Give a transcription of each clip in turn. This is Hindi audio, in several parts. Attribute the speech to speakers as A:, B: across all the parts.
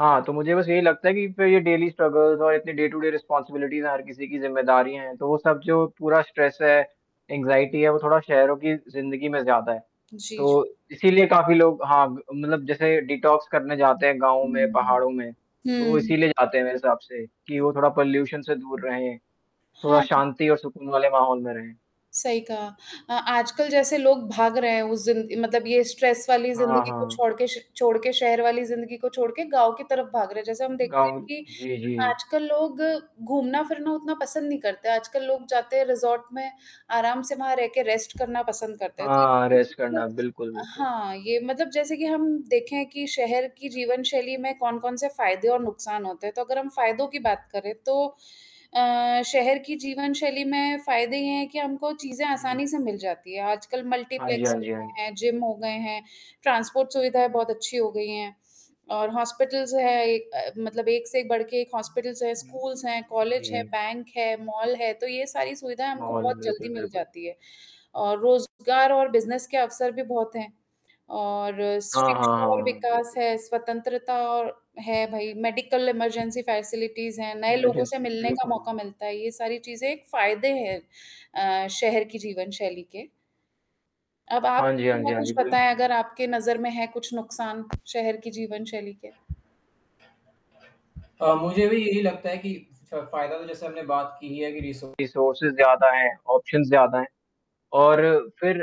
A: हाँ, तो मुझे बस यही लगता है कि फिर ये डेली स्ट्रगल्स और इतनी डे टू डे रिस्पॉन्सिबिलिटीज़ हर किसी की ज़िम्मेदारियाँ हैं, तो वो सब जो पूरा स्ट्रेस है, एंग्जायटी है वो थोड़ा शहरों की ज़िंदगी में ज़्यादा है।
B: जी, जी।
A: तो इसीलिए काफ़ी लोग हाँ ग मतलब जैसे डिटॉक्स करने जाते हैं गाँव में
B: हुँ, हुँ,
A: पहाड़ों में। तो वो
B: हुँ। हुँ।
A: इसीलिए जाते हैं मेरे हिसाब से कि वो थोड़ा पोल्यूशन से दूर रहे। थोड़ा
B: हाँ।
A: शांति और सुकून वाले माहौल में रहें।
B: सही कहा। अ आजकल जैसे लोग भाग रहे हैं उस ज़िन मतलब ये स्ट्रेस वाली
A: हाँ,
B: ज़िंदगी को
A: हाँ।
B: छोड़ के श छोड़ के शहर वाली ज़िंदगी को छोड़ के, गाँव की तरफ भाग रहे हैं जैसे हम देखते हैं
A: गाँव
B: कि
A: जी, जी।
B: आजकल लोग घूमना-फिरना उतना पसंद नहीं करते हैं। आजकल लोग जाते हैं रिसॉर्ट में आराम से वहाँ रह के रेस्ट करना पसंद करते हैं। तो
A: हाँ, हाँ,
B: ये भी
A: रेस्ट करना
B: एक
A: बिल्कुल, बिल्कुल।
B: हाँ, ये मतलब जैसे कि हम देखें कि शहर की जीवन शैली में कौन-कौन से फ़ायदे और नुकसान होते हैं। तो अगर हम फ़ायदों की बात करें तो अ, शहर की जीवन शैली में फ़ायदे ये हैं कि हमको चीज़ें
A: जी।
B: आसानी से मिल जाती हैं। आजकल
A: हाँ जी,
B: मल्टीप्लेक्स
A: हाँ जी, हाँ।
B: हैं, जिम हो गए हैं। ट्रांसपोर्ट सुविधाएँ बहुत अच्छी हो गई हैं और हॉस्पिटल्स जो है एक अ, मतलब एक से एक बढ़ के एक हॉस्पिटल्स है स्कूल्स है, कॉलेज है,
A: जी।
B: बैंक है, मॉल है, तो ये सारी सुविधाएँ हमको
A: मॉल हैं,
B: बहुत जल्दी
A: बिल्कुल,
B: मिल
A: बिल्कुल।
B: जाती है और रोज़गार और बिज़नेस के अवसर भी बहुत हैं और
A: हाँ, हाँ, हाँ,
B: शिक्षा और
A: हाँ।
B: विकास
A: बिल्कुल।
B: है, स्वतंत्रता और है भई मेडिकल इमरजेंसी फैसिलिटीज़ हैं, नए लोगों से
A: [unintelligible]
B: मिलने का
A: बिल्कुल।
B: मौका मिलता है। ये सारी चीज़ें एक फ़ायदे हैं अ, शहर की जीवनशैली के। अब आप
A: हाँ जी, हाँ जी,
B: मुझे
A: हाँ
B: कुछ
A: जी।
B: बताएँ
A: बिल्कुल।
B: अगर आपके नज़र में है कुछ नुकसान शहर की जीवन शैली के?
A: अ, मुझे भी यही लगता है कि फ़ फ़ायदा तो जैसे आपने बात की ही है कि रिसो रिसोर्सेस ज़्यादा हैं, ऑप्शंस ज़्यादा हैं और फिर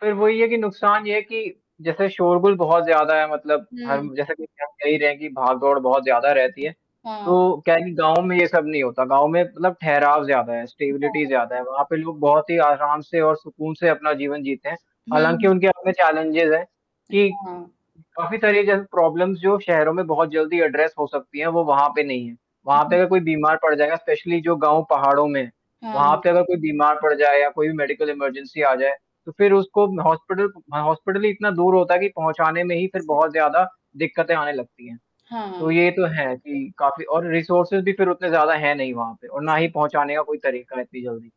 A: फिर वही है कि नुकसान ये है कि जैसे शोरगुल बहुत ज़्यादा है मतलब
B: हुँ।
A: हम जैसे कि आप कह ही रहे हैं कि भाग-दौड़ बहुत ज़्यादा रहती है।
B: हाँ।
A: तो क्या है कि गाँव में ये सब नहीं होता, गाँव में मतलब ठहराव ज़्यादा है, स्टेबिलिटी
B: हाँ।
A: ज़्यादा है। वहाँ पे लोग बहुत ही आराम से और सुकून से अपना जीवन जीते हैं। हालाँकि
B: हुँ।
A: उनके अपने चैलेंजेज़ हैं कि
B: हाँ।
A: काफ़ी सारी जो प्रॉब्लम्स जो शहरों में बहुत जल्दी एड्रेस हो सकती हैं वो वहाँ पे नहीं है।
B: हुँ,
A: वहाँ पे
B: हुँ।
A: अगर कोई बीमार पड़ जाएगा स्पेशली जो गाँव पहाड़ों में वहाँ पे
B: हाँ।
A: अगर कोई बीमार पड़ जाए या कोई भी मेडिकल इमरजेंसी आ जाए, तो फिर उसको हॉस्पिटल ह हॉस्पिटल ही इतना दूर होता है कि पहुँचाने में ही फिर
B: सही।
A: बहुत ज़्यादा दिक्कतें आने लगती हैं।
B: हाँ,
A: तो ये तो है
B: [unintelligible]
A: कि काफ़ी और रिसोर्सेस भी फिर उतने ज़्यादा है नहीं वहाँ पे और ना ही पहुँचाने का कोई तरीका है इतनी जल्दी।